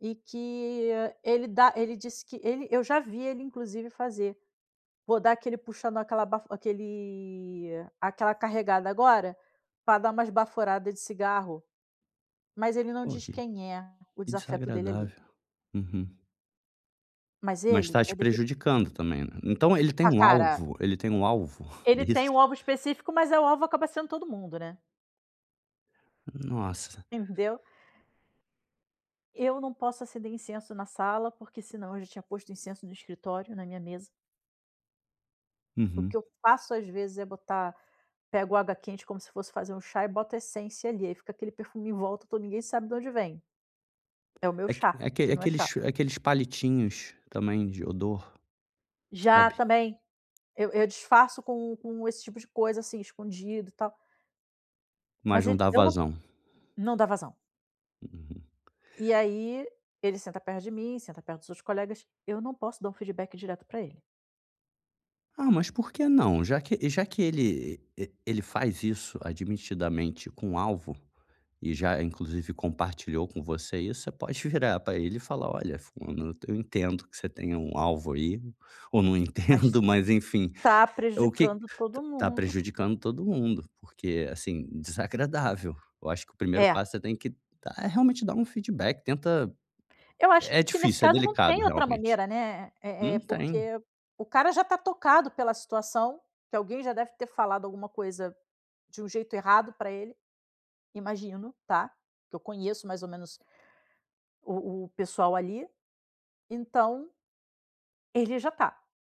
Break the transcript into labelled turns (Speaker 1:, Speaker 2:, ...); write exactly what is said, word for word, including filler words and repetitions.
Speaker 1: E que, ah, ele dá ele disse que ele eu já vi ele inclusive fazer, "vou dar aquele puxando, aquela baf aquele aquela carregada agora, pra dar umas baforada de cigarro". Mas ele não
Speaker 2: Ok.
Speaker 1: diz quem é o
Speaker 2: Que
Speaker 1: desafeto dele ali.
Speaker 2: desagradável. Uhum.
Speaker 1: Mas
Speaker 2: Mas
Speaker 1: ele,
Speaker 2: está te
Speaker 1: é daque
Speaker 2: prejudicando também, né. Então ele tem
Speaker 1: Ah,
Speaker 2: um
Speaker 1: para!
Speaker 2: alvo ele tem um alvo, é
Speaker 1: Ele
Speaker 2: isso?
Speaker 1: tem o alvo específico, mas, eh, o alvo acaba sendo todo mundo, né.
Speaker 2: Nossa.
Speaker 1: Entendeu. Eu não posso acender incenso na sala, porque senão eu já tinha posto incenso no escritório, na minha mesa. O que
Speaker 2: Uhum.
Speaker 1: eu faço, às vezes, é botar, pego água quente como se fosse fazer um chá, e boto essência ali, aí fica aquele perfume em volta todo, ninguém sabe da onde vem. É o meu
Speaker 2: Aque
Speaker 1: chá,
Speaker 2: aquele
Speaker 1: que não é
Speaker 2: aqueles
Speaker 1: chá.
Speaker 2: chu aqueles palitinhos também de odor,
Speaker 1: Já,
Speaker 2: sabe.
Speaker 1: também. Eu eu disfarço com com esse tipo de coisa, assim, escondido, e tal. Mas
Speaker 2: Mas não
Speaker 1: ele
Speaker 2: dá
Speaker 1: eu não
Speaker 2: vazão.
Speaker 1: não dá vazão.
Speaker 2: Uhum.
Speaker 1: E aí, ele senta perto de mim, senta perto dos seus colegas, eu não posso dar um feedback direto para ele.
Speaker 2: Ah, mas por que não? Já que já que ele e e ele faz isso admitidamente com alvo, e já, inclusive, compartilhou com você isso, você pode virar pra ele e falar: "Olha, fulano eu entendo que você tenha um alvo aí, ou não
Speaker 1: Mas
Speaker 2: entendo, mas enfim,
Speaker 1: está
Speaker 2: o que t
Speaker 1: prejudicando todo
Speaker 2: tá
Speaker 1: mundo.
Speaker 2: prejudicando todo mundo, porque, assim, desagradável". Eu acho que o primeiro
Speaker 1: É.
Speaker 2: passo, você tem que dá, é realmente dar um feedback, tenta
Speaker 1: Eu acho
Speaker 2: é
Speaker 1: que nesse
Speaker 2: difícil, é
Speaker 1: caso não
Speaker 2: delicado,
Speaker 1: tem outra
Speaker 2: realmente.
Speaker 1: maneira, né, eh eh,
Speaker 2: Não tem.
Speaker 1: porque o cara já está tocado pela situação, que alguém já deve ter falado alguma coisa de um jeito errado pra ele. Imagino, tá, que eu conheço mais ou menos o o pessoal ali. Então ele já está.